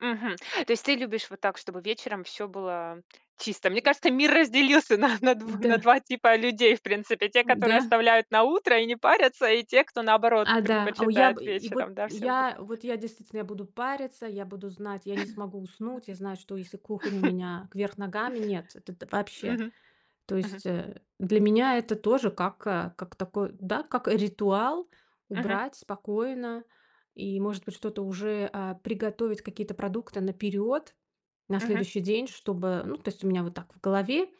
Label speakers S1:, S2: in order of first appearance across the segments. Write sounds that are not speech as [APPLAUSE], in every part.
S1: Мгм. То есть ты любишь вот так, чтобы вечером всё было чисто? Мне кажется, мир разделился на на
S2: Мгм,
S1: дв на
S2: да.
S1: 2 типа людей, в принципе. Те,
S2: Ой,
S1: которые
S2: да.
S1: оставляют на утро и не парятся, и те, кто, наоборот,
S2: А, да. О, у, я
S1: предпочитает
S2: бы и и вот
S1: вечером, да, всё убрать.
S2: я вот я, действительно, я буду париться, я буду знать, я не смогу уснуть. Я знаю, что если кухня у
S1: [CHUCKLES]
S2: меня вверх ногами- нет, это т вообще.
S1: Мгм.
S2: То
S1: Мгм.
S2: есть, э, для меня это тоже как как такой, да, как ритуал-
S1: Мгм.
S2: убрать спокойно и, может быть, что-то уже, а, приготовить какие-то продукты наперёд, на
S1: Мгм.
S2: следующий день, чтобы Ну, то есть у меня вот так в голове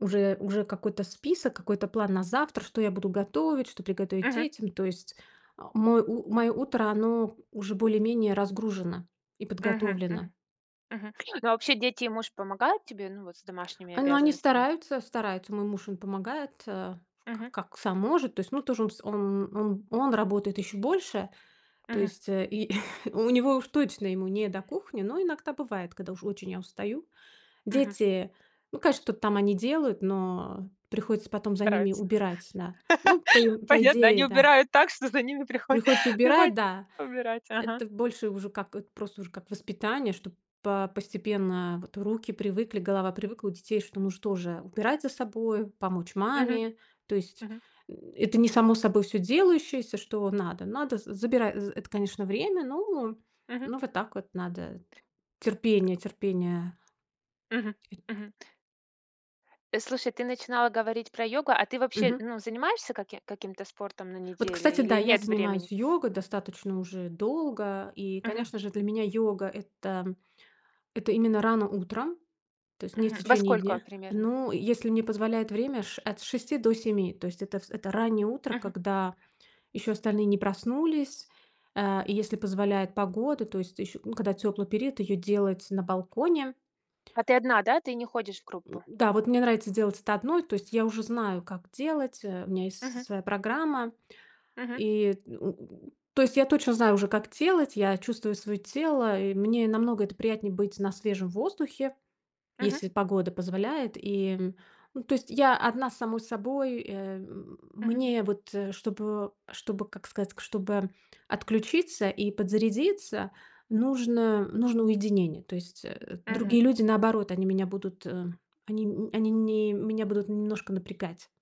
S2: уже уже какой-то список, какой-то план на завтра, что я буду готовить, что приготовить
S1: Мгм.
S2: детям, то есть, э, мой у моё утро- оно уже более-менее разгружено и
S1: Мгм
S2: подготовлено.
S1: мгм. Мгм. Ну, а вообще дети и муж помогают тебе, ну, вот с домашними
S2: А, но они
S1: обязанностями?
S2: стараются стараются. Мой муж им помогает, э, ф как
S1: Мгм.
S2: как сам может. То есть, ну тоже он всё он он он работает ещё больше. То
S1: Мгм.
S2: есть и [CHUCKLES] у него уж точно ему не до кухни, но иногда бывает, когда уж очень я устаю.
S1: Мгм.
S2: Дети, ну, конечно, что-то там они делают, но приходится потом за ними
S1: Стараются.
S2: убирать, да. Ну по и
S1: [CHUCKLES]
S2: по
S1: Понятно.
S2: идее,
S1: Они
S2: да.
S1: убирают так, что за ними приход
S2: Приходится убирать,
S1: приходится
S2: да.
S1: ещё убирать. Ага.
S2: Это больше уже как это просто уже как воспитание, чтоб по постепенно вот руки привыкли, голова привыкла у детей, что, ну, что же, убирать за собою, помочь
S1: Мгм
S2: маме. То есть,
S1: мгм.
S2: м, это не само собой всё делающееся, что надо надо. З Забирай з это, конечно, время, но
S1: Мгм.
S2: ну, вот так вот надо. Терпение
S1: [GRUNTS]
S2: терпение.
S1: Мгм.
S2: Э
S1: Мгм. Э, слушай, ты начинала говорить про йогу. А ты вообще,
S2: Мгм.
S1: ну, занимаешься каким каким-то спортом на
S2: Вот, кстати
S1: неделе
S2: да,
S1: или
S2: я
S1: нет времени?
S2: занимаюсь йогой достаточно уже долго. И,
S1: Мгм.
S2: конечно же, для меня йога- это это именно рано утром, то есть не в
S1: Мгм. Во
S2: течение
S1: сколько
S2: дня.
S1: примерно?
S2: Ну, если мне позволяет время с ш от 6 до 7. То есть это вс это раннее утро,
S1: Мгм.
S2: когда еще остальные не проснулись. Э, и если позволяет погода, то есть ещё ну, когда тёплый период, ее делать на балконе.
S1: А ты одна, да? Ты не ходишь в группу?
S2: [GRUNTS] Да, вот мне нравится делать это одной. То есть я уже знаю, как делать, э. У меня есть
S1: Мгм.
S2: с своя программа
S1: Мгм.
S2: и. [GRUNTS] То есть я точно знаю уже, как делать. Я чувствую своё тело. И мне намного это приятнее- быть на свежем воздухе,
S1: Мгм.
S2: если погода позволяет, и Ну, то есть я одна с самой собой, э, м
S1: Мгм.
S2: мне вот чтобы чтобы, как сказать, чтобы отключиться и подзарядиться, нужно нужно уединение. То есть, э, другие
S1: Мгм.
S2: люди, наоборот, они меня будут, э они, м, они не меня будут немножко напрягать.